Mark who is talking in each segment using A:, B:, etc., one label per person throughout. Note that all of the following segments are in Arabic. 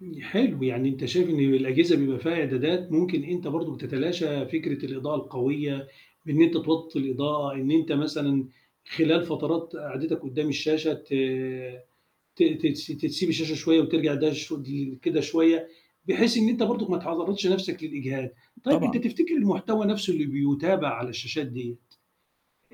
A: ن حلو، يعني أنت شايف إن الأجهزة بيبقى فيها إعدادات ممكن أنت برضه بتتلاشى فكرة الإضاءة القوية بإن أنت توطّي الإضاءة، إن أنت مثلًا خلال فترات قعدتك قُدّام الشاشة ت ت تس تسيب الشاشة شوية وترجع ده شدي كده شوية بحيث إن أنت برضُك ما تعرّضش نَفْسك للإجهاد. طيب أنت
B: طبعًا.
A: تفتكر المحتوى نَفْسه اللي بيُتابع على الشاشات ديّة،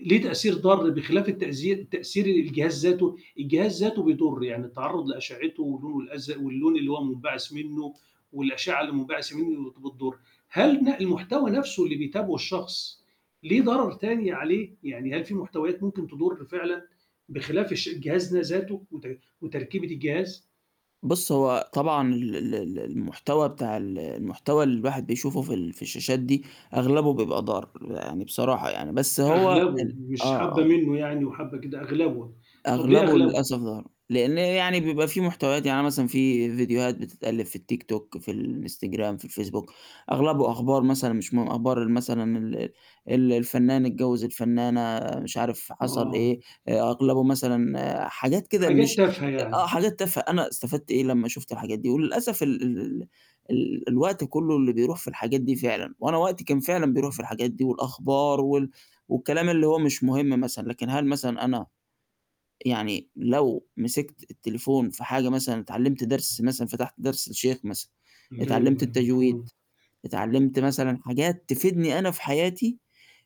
A: ليه تأثير ضار بخلاف التأزي تأثير الجهاز ذاته، الجهاز ذاته بيضُر، يعني التعرُّض لأشعّته واللون الأزرق واللون اللي هو مُنبعِث منّه والأشعّة اللي مُنبعثَة منّه بتضُر، هل ن المحتوى نَفْسه اللي بيتابعه الشخص ليه ضرر تاني عليه؟ يعني هل في محتويات ممكن تضُر فعلًا بخلاف الش الجهاز ده ذاته وت وتركيبة الجهاز؟
B: بُص، هو طبعًا ال ال ال المحتوى بتاع ال المحتوى اللي الواحد بيشوفه في ال في الشاشات دي أغلبه بيبقى ضار يعني بصراحة يعني، بس هو
A: أغلبه
B: ال آه،
A: مش حبّة
B: آه.
A: منّه يعني وحبّة كده، أغلبه. طَب ليه
B: أغلبه
A: أغلبه؟
B: للأسف ضار، لإن يعني بيبقى في محتويات، يعني مثلًا في فيديوهات بتتألّف في التيك توك، في الإنستجرام، في الفيسبوك، أغلبه أخبار مثلًا مش من أخبار ال مثلًا ال ال الفنّان اتجوِّز الفنّانة مش عارف حصل إيه،
A: آه.
B: أغلبه مثلًا حاجات كده
A: حاجات
B: مش
A: تافهه
B: آآ، آه،
A: يعني.
B: حاجات تافه أنا استفدت إيه لمّا شُفت الحاجات دي وللأسف ال ال ال ال الوقت كلّه اللي بيروح في الحاجات دي فعلًا وأنا وقتي كان فعلًا بيروح في الحاجات دي والأخبار وال والكلام اللي هو مش مهم مثلًا، لكن هل مثلًا أنا يعني لو مسكت التليفون في حاجة مثلًا اتعلِّمت درس مثلًا فتحت درس للشيخ مثلًا
A: أيوه،
B: اتعلِّمت
A: أيوه،
B: التجويد،
A: مفهوم.
B: اتعلِّمت مثلًا حاجات تفيدني أنا في حياتي،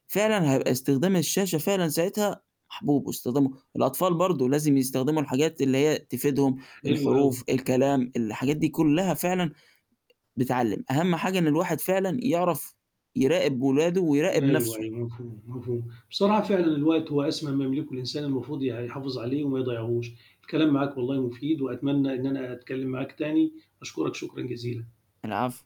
B: فعلًا هيبقى استخدام الشاشة فعلًا ساعتها محبوب واستخدمه الأطفال برضه لازم يستخدموا الحاجات اللي هي تفيدهم،
A: حلو أوي.
B: الحروف، الكلام، الحاجات دي كُلّها فعلًا بتعلِّم، أهَم حاجة إن الواحد فعلًا يعرف يراقب ولاده ويراقب
A: أيوه،
B: نَفْسه.
A: أيوه، مفهوم، مفهوم. بصراحة فعلًا الوقت هو أسمى ما يملكه الإنسان المفروض ي يحافظ عليه وما يضيّعوش. الكلام معاك والله مفيد وأتمنى إن أنا أتكلِّم معاك تاني، أشكرك شكرًا جزيلًا.
B: العفو.